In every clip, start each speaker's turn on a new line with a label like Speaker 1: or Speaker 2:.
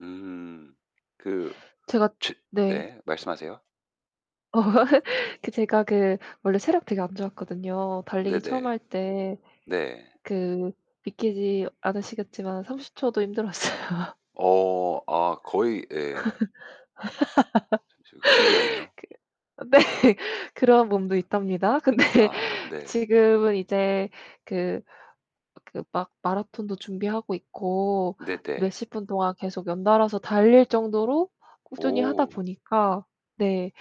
Speaker 1: 음. 그
Speaker 2: 제가
Speaker 1: 츠
Speaker 2: 네.
Speaker 1: 네. 말씀하세요.
Speaker 2: 그 제가 그 원래 체력 되게 안 좋았거든요. 달리기 처음
Speaker 1: 네네.
Speaker 2: 할 때
Speaker 1: 네.
Speaker 2: 그 믿기지 않으시겠지만 30 초도 힘들었어요.
Speaker 1: 어. 아 거의 예. 참 저 그 신기하네요.
Speaker 2: 그 네. 그런 몸도 있답니다. 근데
Speaker 1: 아 네.
Speaker 2: 지금은 이제 그 그 막 마라톤도 준비하고 있고
Speaker 1: 네네.
Speaker 2: 몇십 분 동안 계속 연달아서 달릴 정도로 꾸준히 하다
Speaker 1: 오.
Speaker 2: 보니까 네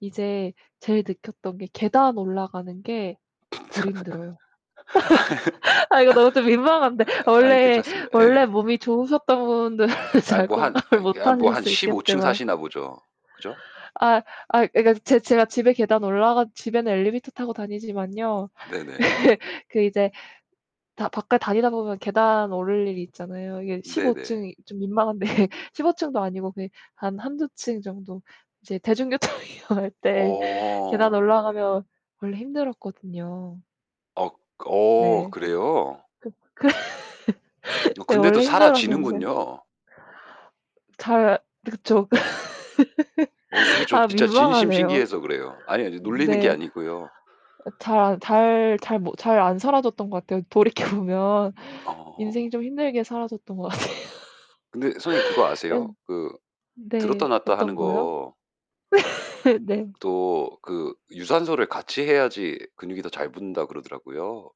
Speaker 2: 이제 제일 느꼈던 게 계단 올라가는 게 덜 힘들어요.
Speaker 1: 아.
Speaker 2: 아 이거 너무 좀 민망한데
Speaker 1: 아이
Speaker 2: 원래
Speaker 1: 괜찮습니다. 예
Speaker 2: 원래
Speaker 1: 예.
Speaker 2: 몸이 좋으셨던 분들은
Speaker 1: 아이
Speaker 2: 잘
Speaker 1: 뭐 한
Speaker 2: 공감을
Speaker 1: 아이 그
Speaker 2: 못
Speaker 1: 한 뭐
Speaker 2: 하실
Speaker 1: 한
Speaker 2: 수
Speaker 1: 15 층
Speaker 2: 있겠지만
Speaker 1: 사시나 보죠. 그죠?
Speaker 2: 아이 아이 그러니까 제 제가 집에 계단 올라가 집에는 엘리베이터 타고 다니지만요
Speaker 1: 네네.
Speaker 2: 그 이제 다 밖에 다니다 보면 계단 오를 일이 있잖아요. 이게 15
Speaker 1: 네네.
Speaker 2: 층이 좀 민망한데 15 층도 아니고 그냥 한 1-2 층 정도. 이제 대중교통 이용할 때 계단
Speaker 1: 어.
Speaker 2: 올라가면 원래 힘들었거든요.
Speaker 1: 억 어
Speaker 2: 네.
Speaker 1: 그래요?
Speaker 2: 그 그
Speaker 1: 어
Speaker 2: 네.
Speaker 1: 근데도
Speaker 2: 원래 힘들었는데
Speaker 1: 살아지는군요.
Speaker 2: 잘 네 그쵸.
Speaker 1: 어 그게 저
Speaker 2: 아
Speaker 1: 진짜 진심
Speaker 2: 민망하네요.
Speaker 1: 신기해서 그래요. 아니 아니, 놀리는 게
Speaker 2: 네.
Speaker 1: 아니고요.
Speaker 2: 아 잘 안 잘 잘 못 잘 안 살아졌던 것 같아요. 돌이켜 보면
Speaker 1: 어.
Speaker 2: 인생이 좀 힘들게 살아졌던 것 같아요.
Speaker 1: 근데 선생님 그거 아세요?
Speaker 2: 네.
Speaker 1: 그 들었다
Speaker 2: 네.
Speaker 1: 놨다 하는
Speaker 2: 어떤 거요?
Speaker 1: 거
Speaker 2: 네.
Speaker 1: 도 그 유산소를 같이 해야지 근육이 더 잘 붙는다 그러더라고요.